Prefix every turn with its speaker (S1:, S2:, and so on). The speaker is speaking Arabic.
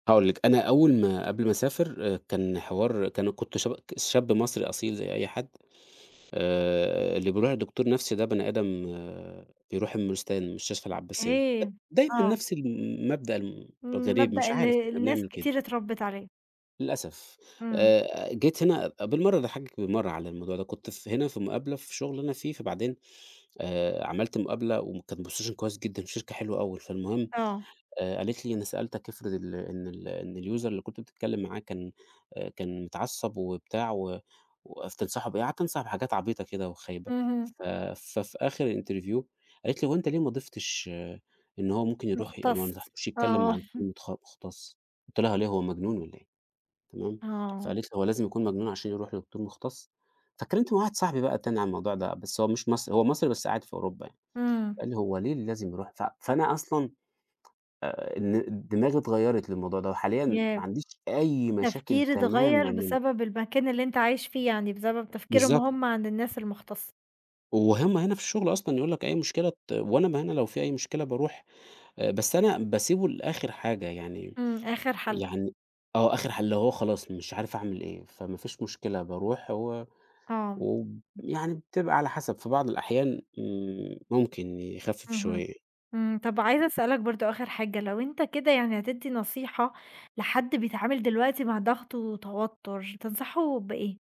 S1: هاقول لِك، أنا أوّل ما قبل ما أسافر كان حوار كان كنت شب شاب مصري أصيل زي أي حد آآ، اللي بيروح لدكتور نفسي ده بني آدم آآ، بيروح المورستان مستشفى العباسية،
S2: أوكي.
S1: دايمًا
S2: آه.
S1: نفس المبدأ الغريب
S2: مبدأ
S1: مش
S2: ال
S1: عارف إحنا
S2: الناس
S1: بنعمل كده.
S2: كتير اتربت عليه.
S1: للأسف،
S2: إمم.
S1: آآ، جيت هنا بالمرّة اضحكِك بالمرّة على الموضوع ده كنت هنا في مقابلة في شغل أنا فيه فبعدين آآ، عملت مقابلة وكان position كويّس جدًا في شركة حلوة أوي فالمهم
S2: آه.
S1: آآ، قالِت لي: "أنا سألتك أفرض ال إن ال إن الuser اللي كنت بتتكلّم معاه كان آآ، كان اتعصب وبتاع و وتنصحه بإيه؟" قعدت أنصحه بحاجات عبيطة كده وخايبة
S2: اهم.
S1: ف ف في آخر الinterview قالِت لي: "هو أنت ليه ما ضيفتش آآ، إن هو ممكن يروح ما
S2: مختص.
S1: نصحتوش يتكلّم
S2: آه.
S1: مع دكتور متخ مختص" قلت لها: ليه هو مجنون والّا إيه؟" تمام
S2: آه.
S1: فقالِت لى: "هو لازم يكون مجنون عشان يروح لدكتور مختص؟" فاتكلمت مع واحد صاحبي بقى تاني عن الموضوع ده، بس هو مش مصري هو مصري بس قاعد في أوروبا يعني،
S2: إمم.
S1: قال لي هو ليه لازم يروح ف فأنا أصلًا آآ، إن الدماغ اتغيرت للموضوع ده وحاليًا ما
S2: ياه!
S1: عنديش أي مشاكل
S2: التفكير اتغيّر
S1: تمامًا منه.
S2: بسبب المكان اللي أنت عايش فيه، يعني بسبب تفكيرهم
S1: بالضبط.
S2: هم عن الناس المختصة.
S1: وهم هنا في الشغل أصلًا يقول لك أي مشكلة ت وأنا ما أنا لو في أي مشكلة باروح، بس أنا باسيبه لآخر حاجة يعني
S2: إمم، آخر حل.
S1: يعني آه آخر حل اللي هو خلاص مش عارف أعمل إيه، فما فيش مشكلة باروح هو
S2: آه.
S1: و يعني بتبقى على حسب في بعض الأحيان إمم، ممكن يخفف
S2: اهم.
S1: شويّة.
S2: إمم. طب عايزة أسألك برضو آخر حاجة، لو أنت كده يعني هتدّي نصيحة لحد بيتعامِل دلوقتي مع ضغط وتوتّر تنصحه بإيه؟